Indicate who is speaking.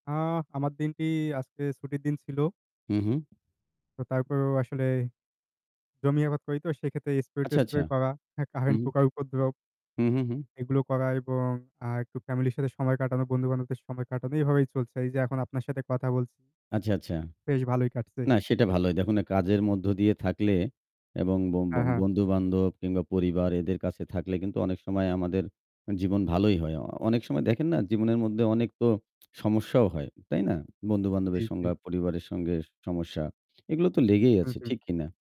Speaker 1: আ আমার দিনটি আজকে ছুটির দিন ছিল
Speaker 2: হু, হু।
Speaker 1: তো তারপরেও আসলে জমি আবাদ করিতো সেক্ষেত্রে
Speaker 2: আচ্ছা, আচ্ছা।
Speaker 1: স্প্রে-টেস্প্রে করা হ্যাঁ,
Speaker 2: হু,
Speaker 1: কারেন্ট
Speaker 2: হু।
Speaker 1: পোকার উপদ্রব।
Speaker 2: হু, হু, হু।
Speaker 1: এগুলো করা এবং আ একটু ফ্যামিলি র সাথে সময় কাটানো বন্ধু-বান্ধবদের সময় কাটানো এইভাবেই চলছে। এই যে এখন আপনার সাথে কথা বল
Speaker 2: আচ্ছা, আচ্ছা।
Speaker 1: বেশ ভালোই কাটছে।
Speaker 2: না সেটা ভালোই। দেখুন না কাজের মধ্য দিয়ে থাকলে এবং ব ব
Speaker 1: হ্যাঁ, হ্যাঁ।
Speaker 2: বন্ধুবান্ধব কিংবা পরিবার এদের কাছে থাকলে কিন্তু অনেক সময় আমাদের জীবন ভালোই হয়। অনেক সময় দেখেন না জীবনের মধ্যে অনেক তো সমস্যাও হয়। তাই না?
Speaker 1: জি,
Speaker 2: বন্ধু-বান্ধবের
Speaker 1: জি।
Speaker 2: সঙ্গে পরিবারের সঙ্গে সমস্যা। এগুলো তো লেগেই
Speaker 1: হু,
Speaker 2: আছে।
Speaker 1: হু।
Speaker 2: ঠিক কিনা?